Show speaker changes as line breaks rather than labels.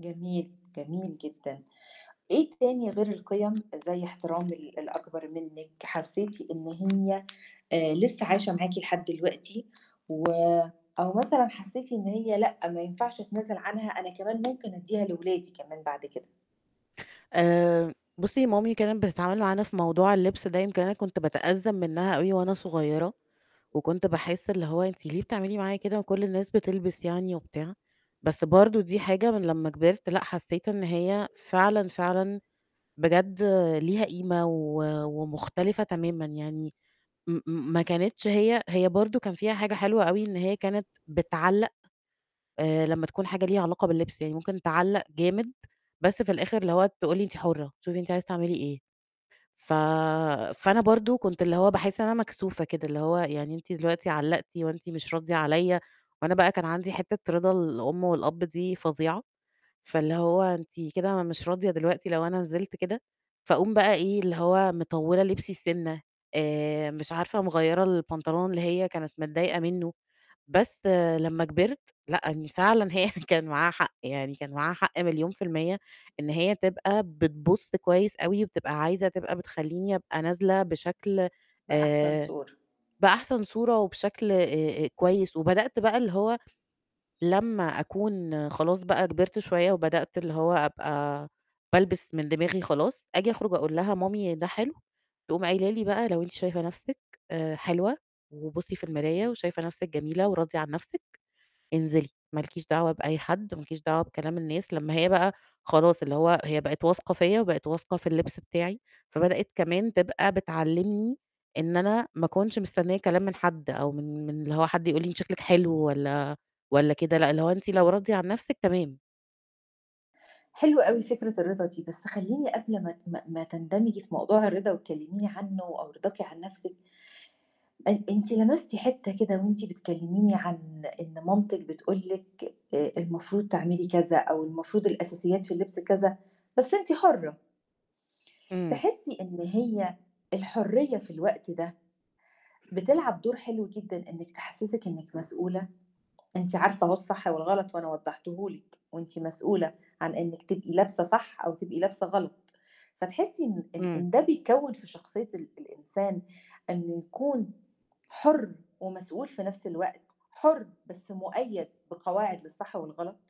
جميل، جميل جدًا. إيه تاني غير القيم زَي احترام ال الأكبر منِك، حسيتِ إن هي، آآ، لسه عايشة معاكِ لحد دلوقتي و أو مثلًا حسيتِ إن هي لأ ما ينفعش أتنازل عنها أنا كمان ممكن أدّيها لولادي كمان بعد كده؟
آآ، بُصّي مامي كانت بتتعامل معانا في موضوع اللبس ده يمكن أنا كنت بتأذّم منها أوي وأنا صغيّرة، وكنت باحسّ اللي هو أنتِ ليه بتعملي معايا كده وكل الناس بتلبس يعني وبتاع! بس برضه دي حاجة من لمّا كبرت لأ، حسّيت إن هي فعلًا، فعلًا، بجد ليها قيمة و ومختلفة تمامًا يعني م م ما كانتش هي هي برضه كان فيها حاجة حلوة أوي إن هي كانت بتعلّق، آآ لمّا تكون حاجة ليها علاقة باللبس، يعني ممكن تعلّق جامد، بس في الآخر اللي هو تقول لي: "أنتِ حُرّة، شوفِ أنتِ عايزة تعملي إيه." ف فأنا برضه كنت اللي هو باحسّ إن أنا مكسوفة كده، اللي هو يعني أنتِ دلوقتي علّقتِ وأنتِ مش راضية عليّا وأنا بقى كان عندي حتّة رضا الأم والأب دي فظيعة، فاللي هو أنتِ كده مش راضية دلوقتي لو أنا نزلت كده، فأقوم بقى إيه، اللي هو مطوّلة لبسي سِنّة، آآ، مش عارفة مغيّرة البنطلون اللي هي كانت متضايقة منه. بس لمّا كبرت لأ، إن فعلًا هي كان معاها حق، يعني كان معاها حق مليون في المِيّة إن هي تبقى بتبُصّ كويس أوي، وبتبقى عايزة تبقى بتخلّيني أبقى نازلة بشكل
في أحسن
آآ
صورة.
بأحسن صورة وبشكل آآ كويس، وبدأت بقى اللي هو لمّا أكون خلاص بقى كبرت شوية وبدأت اللي هو أبقى بالبس من دماغي خلاص، آجي أخرج أقول لها: "مامي، ده حلو؟" تقوم قايله لي بقى: "لو أنتِ شايفة نفْسِك آآ حلوة وبُصّي في المراية وشايفة نفْسِك جميلة وراضية عن نفْسِك، انزلي، ما لكيش دعوة بأي حد، ما لكيش دعوة بكلام الناس." لمّا هي بقى خلاص اللي هو هي بقت واثقة فيّا وبقت واثقة في اللبس بتاعي، فبدأت كمان تبقى بتعلّمني إن أنا ما أكنش مستنية كلام من حد أو من من اللي هو حد يقول لي أنتِ شكلِك حلو والّا والّا كده لأ، اللي هو أنتِ لو راضية عن نفْسِك تمام.
حلوة أوي فكرة الرضا دي، بس خلّيني قبل ما ت ما ما تندمجي في موضوع الرضا وتكلّميني عنه أو رضاكِ عن نفْسك أ أنتِ لمستِ حتّة كده وأنتِ بتكلّميني عن إن مامتِك بتقول لِك آآ، المفروض تعملي كذا أو المفروض الأساسيات في اللبس كذا، بس أنتِ حُرّة.
امم.
تحسّي إن هي الحُرّية في الوقت ده بتلعب دور حلو جدًا إنِك تحسّسِك إنِك مسؤولة، أنتِ عارفة أهو الصح والغلط وأنا وضحّته لِك وأنتِ مسؤولة عن إنِك تبقي لابسة صح أو تبقي لابسة غلط، فتحسّي إن إن
امم.
إن ده بيكّون في شخصية ال الإنسان إنه يكون حُرّ ومسؤول في نفْس الوقت، حُرّ بس مُقيّد بقواعد للصح والغلط؟